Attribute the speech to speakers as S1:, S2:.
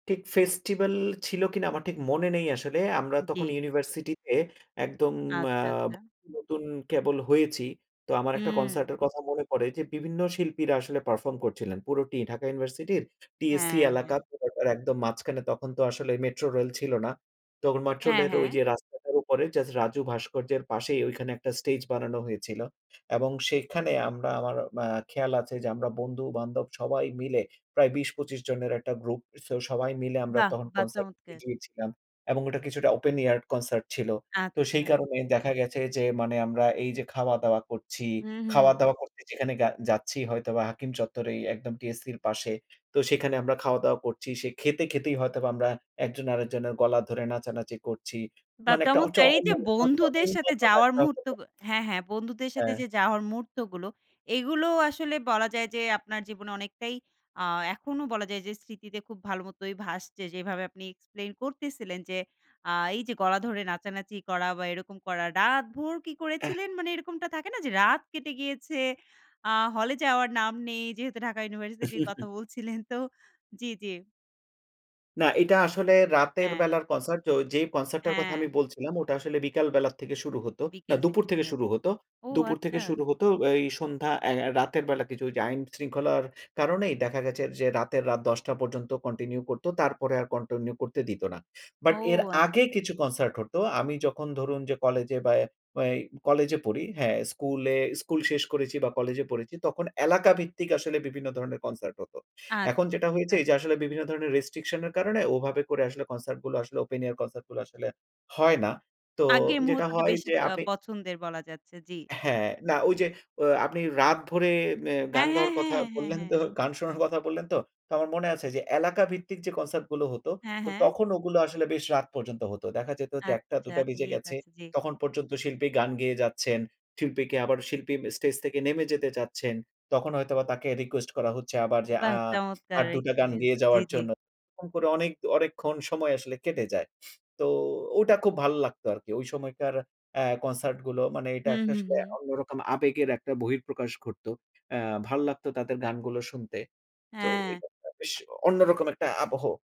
S1: ঠিক ফেস্টিভাল ছিল কিনা আমার ঠিক মনে নেই আসলে। আমরা তখন
S2: জি।
S1: ইউনিভার্সিটিতে একদম আ
S2: আচ্ছা, আচ্ছা।
S1: নতুন কেবল হয়েছি। তো আমার একটা
S2: হুম।
S1: কনসার্টের কথা মনে পড়ে যে, বিভিন্ন শিল্পীরা আসলে পারফর্ম করছিলেন। পুরোটি ঢাকা ইউনিভার্সিটির TSC
S2: হ্যাঁ,
S1: এলাকা
S2: হ্যাঁ।
S1: পুরোটার একদম মাঝখানে তখন তো আসলে মেট্রোরেল ছিল না। তো
S2: হ্যাঁ,
S1: মেট্রো রেল
S2: হ্যাঁ।
S1: ওইযে রাস্তাটার উপরে জাস্ট রাজু ভাস্কর্যের পাশেই ঐখানে একটা স্টেজ বানানো হয়েছিল। এবং সেখানে আমরা আমার আ খেয়াল আছে যে, আমরা বন্ধু-বান্ধব সবাই মিলে প্রায় ২০-২৫ জনের একটা গ্রুপ। সো সবাই মিলে আমরা
S2: বাহ!
S1: তখন
S2: বাহ!
S1: কনসার্ট
S2: চমৎকার!
S1: [unintelligible] গিয়েছিলাম। এবং এটা কিছুটা ওপেন এয়ার কনসার্ট ছিল। তো সেই
S2: আচ্ছা।
S1: কারণে দেখা গেছে যে, মানে আমরা এইযে খাওয়া-দাওয়া করছি,
S2: হুম, হুম।
S1: খাওয়া-দাওয়া করতে যেখানে গা যাচ্ছি। হয়তোবা হাকিম চত্বরেই একদম TSC-র পাশে। তো সেখানে আমরা খাওয়া-দাওয়া করছি। সে খেতে, খেতেই হয়তোবা আমরা একজন আরেকজনের গলা ধরে নাচানাচি করছি।
S2: বা
S1: মানে একটা ওচ
S2: চমৎকার! এইযে
S1: [unintelligible]
S2: বন্ধুদের সাথে যাওয়ার মুহূর্ত গ হ্যাঁ, হ্যাঁ, বন্ধুদের সাথে
S1: হ্যাঁ।
S2: যে যাওয়ার মুহূর্তগুলো। এগুলো আসলে বলা যায় যে আপনার জীবনে অনেকটাই আ এখনও বলা যায় যে স্মৃতিতে খুব ভাল মতই ভাসছে। যেভাবে আপনি এক্সপ্লেইন করতেছিলেন যে আ এইযে গলা ধরে নাচানাচি করা বা এরকম করা। রাতভর কি
S1: এহ
S2: করেছিলেন মানে এরকমটা থাকে না যে, রাত কেটে গিয়েছে। আ হলে যাওয়ার নাম নেই যেহেতু ঢাকা ইউনিভার্সিটির কথা বলছিলেন তো জ্বী, জ্বী।
S1: না, এটা আসলে রাতের
S2: হ্যাঁ।
S1: বেলার কনসার্ট তো যেই কনসার্টটার কথা আমি
S2: হ্যাঁ।
S1: বলছিলাম ওটা আসলে বিকাল বেলার থেকে শুরু হত। না
S2: বিকেল থেকে
S1: দুপুর
S2: শুরু
S1: থেকে
S2: হয়েছে,
S1: শুরু হত।
S2: ও
S1: দুপুর থেকে
S2: আচ্ছা।
S1: শুরু হতো এই সন্ধ্যা আই আ রাতের বেলা কিছু ওইযে আইন শৃঙ্খলার কারণেই দেখা গেছে যে রাতের, রাত ১০ঃ০০ পর্যন্ত কন্টিনিউ করত। তারপরে আর কন্টিনিউ করতে দিত না।
S2: ও
S1: বাট এর
S2: আচ্ছা,
S1: আগে
S2: আচ্ছা।
S1: কিছু কনসার্ট হতো। আমি যখন ধরুন যে, কলেজে বা এ এ কলেজে পড়ি হ্যাঁ। স্কুলে স্কুল শেষ করেছি বা কলেজে পড়েছি তখন এলাকাভিত্তিক আসলে বিভিন্ন ধরনের কনসার্ট হতো। এখন
S2: আচ্ছা,
S1: যেটা
S2: ঠিক
S1: হয়েছে
S2: আছে।
S1: এইযে আসলে বিভিন্ন ধরণের রেস্ট্রিকশন এর কারণে ওভাবে করে আসলে কনসার্ট গুলা আসলে ওপেন এয়ার কনসার্ট গুলা আসলে হয় না। তো
S2: আগের
S1: যেটা
S2: মুহূর্তটা
S1: হয়
S2: বেশি
S1: যে
S2: আ
S1: আপনি
S2: পছন্দের বলা যাচ্ছে, জী, জী।
S1: হ্যাঁ না ওইযে, ও আপনি রাত ভরে মে
S2: হ্যাঁ,
S1: গান
S2: হ্যাঁ,
S1: গাওয়ার কথা
S2: হ্যাঁ, হ্যাঁ,
S1: বললেন
S2: হ্যাঁ।
S1: তো, গান শোনার কথা বললেন তো? তো আমার মনে আছে যে এলাকাভিত্তিক যে কনসার্ট গুলো হতো
S2: হ্যাঁ, হ্যাঁ।
S1: তখন ওগুলো আসলে বেশ রাত পর্যন্ত হতো। দেখা যেত যে একটা থেকে
S2: আচ্ছা
S1: দুটা বেজে
S2: ঠিক
S1: গেছে।
S2: আছে, জি।
S1: তখন পর্যন্ত শিল্পী গান গেয়ে যাচ্ছেন। শিল্পীকে আবার শিল্পী ম স্টেজ থেকে নেমে যেতে চাচ্ছেন। তখন হয়তোবা তাকে রিকোয়েস্ট করা হচ্ছে আবার যে
S2: বাহ!
S1: আ
S2: চমৎকার
S1: আর ২ টা গান
S2: এক্সপেরিয়েন্স
S1: গেয়ে
S2: জি,
S1: যাওয়ার
S2: জি।
S1: জন্য। এরকম করে অনেক অনেকক্ষণ সময় আসলে কেটে যায়। তো ওটা খুব ভালো লাগতো আরকি। ওই সময়কার আ কনসার্ট গুলো মানে এটা
S2: হুম,
S1: একটা
S2: হুম,
S1: আসলে
S2: হুম।
S1: অন্যরকম আবেগের একটা বহিঃপ্রকাশ ঘটত। এ্যা ভাল লাগতো তাদের গানগুলো শুনতে। তো
S2: হ্যাঁ।
S1: [unintelligible] বেশ অন্যরকম একটা আবহ।